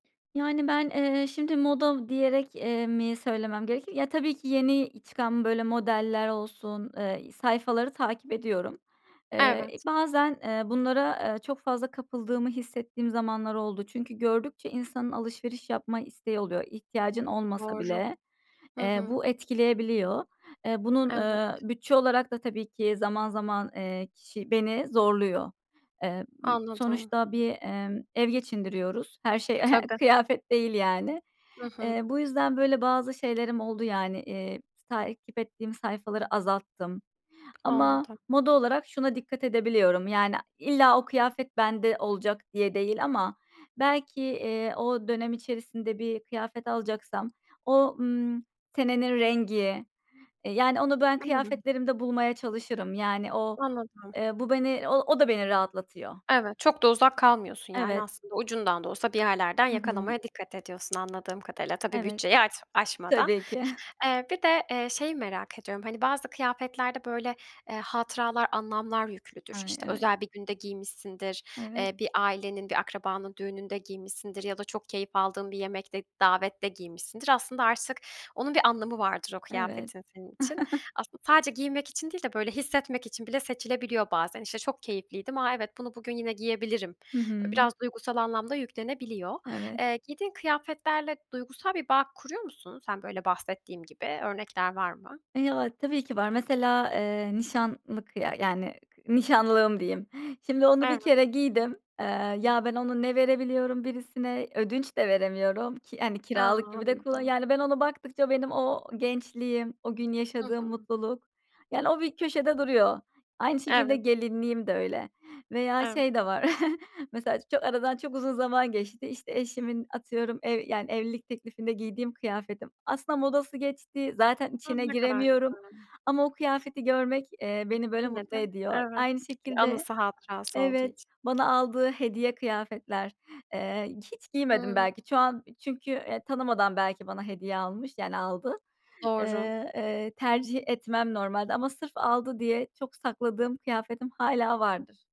Yani, ben, eee, şimdi moda diyerek, eee, mi söylemem gerekir? Ya tabii ki, yeni çıkan böyle modeller olsun, eee, sayfaları takip ediyorum. Eee, Evet. bazen, eee, bunlara, eee, çok fazla kapıldığımı hissettiğim zamanlar oldu. Çünkü gördükçe insanın alışveriş yapma isteği oluyor. İhtiyacın olmasa Doğru. bile, Hı eee, hı. bu etkileyebiliyor. Eee, bunun, Evet. ııı, bütçe olarak da tabii ki, zaman zaman, eee, kişi beni zorluyor. Emm, Anladım. sonuçta bir, emm, ev geçindiriyoruz. Her şey Tabii. kıyafet değil yani. Hı hı. Eee, bu yüzden böyle bazı şeylerim oldu yani. Eee, s takip ettiğim sayfaları azalttım ama Anladım. moda olarak şuna dikkat edebiliyorum. Yani illa o kıyafet bende olacak diye değil ama belki, eee, o dönem içerisinde bir kıyafet alacaksam o, ımm, senenin rengi, e yani onu ben Hımm. kıyafetlerimde bulmaya çalışırım. Yani o, Anladım. eee, bu beni o o da beni rahatlatıyor. Evet, çok da uzak kalmıyorsun yani Evet. aslında ucundan da olsa bir yerlerden Hı hı. yakalamaya dikkat ediyorsun anladığım kadarıyla. Tabii, Evet. bütçeyi aç aşmadan. Tabii ki. Eee, bir de, eee, şeyi merak ediyorum. Hani, bazı kıyafetlerde böyle, eee, hatıralar, anlamlar yüklüdür, Ay, işte evet. özel bir günde giymişsindir, Evet. eee, bir ailenin bir akrabanın düğününde giymişsindir ya da çok keyif aldığın bir yemekte, davette giymişsindir. Aslında artık onun bir anlamı vardır o Evet. kıyafetin senin için. Aslında sadece giyinmek için değil de böyle hissetmek için bile seçilebiliyor bazen. İşte çok keyifliydim, a evet bunu bugün yine giyebilirim. Hı Böyle hı. biraz duygusal anlam da yüklenebiliyor. Evet. Eee, giydiğin kıyafetlerle duygusal bir bağ kuruyor musun sen? Böyle bahsettiğim gibi örnekler var mı? Ya tabii ki var. Mesela, eee, nişanlılık ya yani k nişanlığım diyeyim. Şimdi onu bir Evet. kere giydim. Eee, ya ben onu ne verebiliyorum birisine, ödünç de veremiyorum. Ki, hani, A! kiralık gibi de kulla Anladım. yani ben ona baktıkça benim o gençliğim o gün Hı yaşadığım hı. mutluluk, yani, o bir köşede duruyor. Aynı şekilde Evet. gelinliğim de öyle veya Evet. şey de var mesela ço aradan çok uzun zaman geçti de işte eşimin atıyorum, ev yani, evlilik teklifinde giydiğim kıyafetim aslında modası geçti zaten A! içine Ne kadar giremiyorum güzel. ama o kıyafeti görmek, eee, beni böyle Yine mutlu de, ediyor. evet. Aynı şekilde, Anısı hatırası olduğu evet, için. bana aldığı hediye kıyafetler. Eee, hiç giymedim Hımm. belki. Şu an çünkü, eee, tanımadan belki bana hediye almış, yani aldı. Iıı, Doğru. eee, tercih etmem normalde ama sırf aldı diye çok sakladığım kıyafetim hâlâ vardır.